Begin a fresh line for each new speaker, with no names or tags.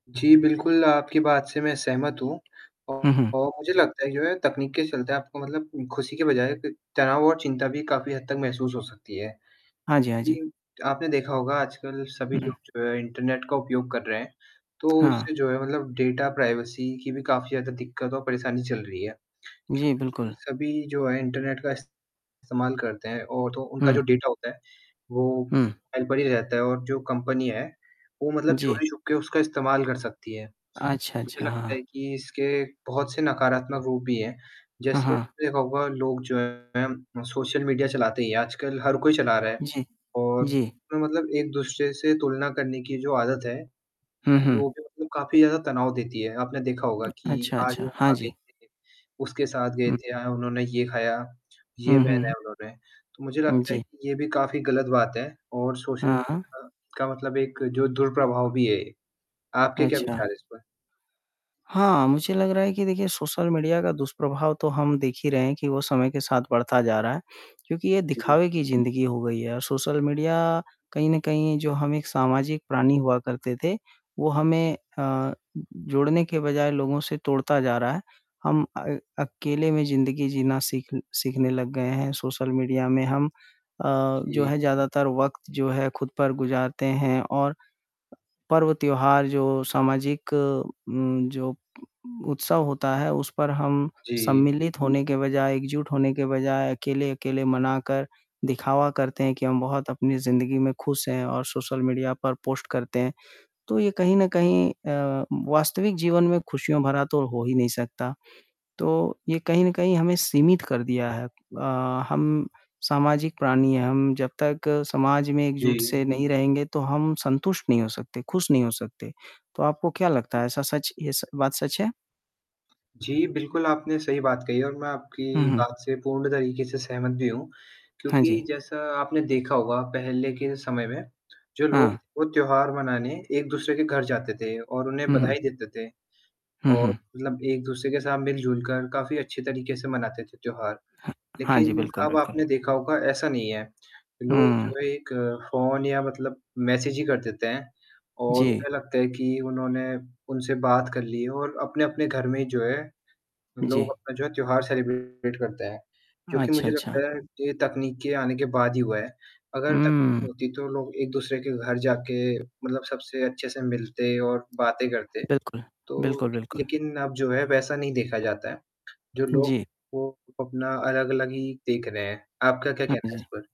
जी, बिल्कुल आपकी बात से मैं सहमत हूँ
हुँ, हुँ।
और मुझे लगता है कि जो है तकनीक के चलते आपको मतलब ख़ुशी के बजाय त तनाव और चिंता भी काफ़ी हद तक महसूस हो सकती है
हाँ जी, हाँ जी।
क्योंकि आपने देखा होगा आजकल सभी
हुँ।
लोग जो है इंटरनेट का उपयोग कर रहे हैं, तो
हाँ।
उससे जो है मतलब डाटा प्राइवेसी की भी काफ़ी ज़्यादा दिक्कत और परेशानी चल रही है
जी,
क्योंकि
बिल्कुल।
सभी जो है इंटरनेट का इस्तेमाल करते हैं और तो उनका जो
हुँ।
डाटा होता है वो
हुँ।
फाइल पे ही रहता है और जो कंपनी है वो मतलब
जी।
चोरी छुप के उसका इस्तेमाल कर सकती है।
अच्छा,
मुझे
अच्छा।
लगता
हाँ।
है कि इसके बहुत से नकारात्मक रूप भी हैं,
हाँ,
जैसे
हाँ।
आपने देखा होगा लोग जो हैं सोशल मीडिया चलाते ही हैं, आजकल हर कोई चला रहा है
जी।
और
जी।
मतलब एक-दूसरे से तुलना करने की जो आदत है,
हुँ, हुँ।
जो कि मतलब काफ़ी ज़्यादा तनाव देती है, आपने देखा होगा कि
अच्छा,
आज वो
अच्छा। हाँ
वहाँ गए
जी।
थे, उसके साथ गए
हुँ।
थे, आज उन्होंने ये खाया, ये
हुँ,
पहना
हुँ।
है उन्होंने, तो मुझे
हुँ,
लगता है
जी।
कि ये भी काफ़ी गलत बात है और सोशल
हाँ।
मीडिया का मतलब एक जो दुष्प्रभाव भी है ये। आपके क्या
अच्छा।
विचार हैं इस पर?
हाँ, मुझे लग रहा है कि देखिए सोशल मीडिया का दुष्प्रभाव तो हम देख ही रहे हैं कि वो समय के साथ बढ़ता जा रहा है, क्योंकि ये
जी।
दिखावे की ज़िंदगी हो गई है और सोशल मीडिया कहीं न कहीं जो हम एक सामाजिक प्राणी हुआ करते थे वो
जी।
हमें अ, जोड़ने के बजाय लोगों से तोड़ता जा रहा है, हम अ, अकेले में ज़िंदगी जीना सीख सीखने लग गए हैं, सोशल मीडिया में हम अ, जो
जी।
है ज़्यादातर वक़्त जो है खुद पर गुज़ारते हैं और पर्व त्योहार जो सामाजिक उम, जो उ उत्सव होता है उस पर हम
जी।
सम्मिलित होने के बजाय, एकजुट होने के बजाय अकेले-अकेले मनाकर दिखावा करते हैं कि हम बहुत अपनी ज़िंदगी में ख़ुश हैं और सोशल मीडिया पर पोस्ट करते हैं। तो ये कहीं न कहीं अ, वास्तविक जीवन में ख़ुशियों भरा तो हो ही नहीं सकता, तो ये कहीं न कहीं हमें सीमित कर दिया है अ, हम सामाजिक प्राणी हैं, हम जब तक समाज में एकजुट
जी।
से नहीं रहेंगे तो हम संतुष्ट नहीं हो सकते, ख़ुश नहीं हो सकते। तो आपको क्या लगता
जी।
है ऐसा सच ये स बात सच है?
जी, बिल्कुल आपने सही बात कही और मैं
हुँ,
आपकी
हुँ।
बात से पूर्ण तरीके से सहमत भी हूँ
हाँ जी।
क्योंकि जैसा आपने देखा होगा पहले के समय में जो लोग थे
हाँ।
वो त्योहार मनाने एक-दूसरे के घर जाते थे और उन्हें
हुँ, हुँ।
बधाई देते थे
हुँ,
और
हुँ।
मतलब एक-दूसरे के साथ मिलजुल कर काफ़ी अच्छे तरीके से मनाते थे त्योहार,
हा हाँ जी।
लेकिन
बिल्कुल,
अब
बिल्कुल।
आपने देखा होगा ऐसा नहीं है, लोग
हुँ।
जो है एक फ़ोन या मतलब मैसेज ही कर देते हैं और
जी।
उन्हें लगता है कि उन्होंने उनसे बात कर ली है और अपने-अपने घर में जो है लोग
जी।
अपना जो है त्योहार सेलिब्रेट करते हैं, जो कि
अच्छा,
मुझे लगता
अच्छा।
है कि ये तकनीक के आने के बाद ही हुआ है। अगर तकनीक
हुँ।
नहीं होती तो लोग एक-दूसरे के घर जाके मतलब सबसे अच्छे से मिलते और बातें करते,
बिल्कुल।
तो
बिल्कुल, बिल्कुल।
लेकिन अब जो है वैसा नहीं देखा जाता है, जो लोग
जी।
हैं वो अपना अलग-अलग ही देख रहे हैं। आपका क्या
हाँ
कहना है इस
जी।
पर?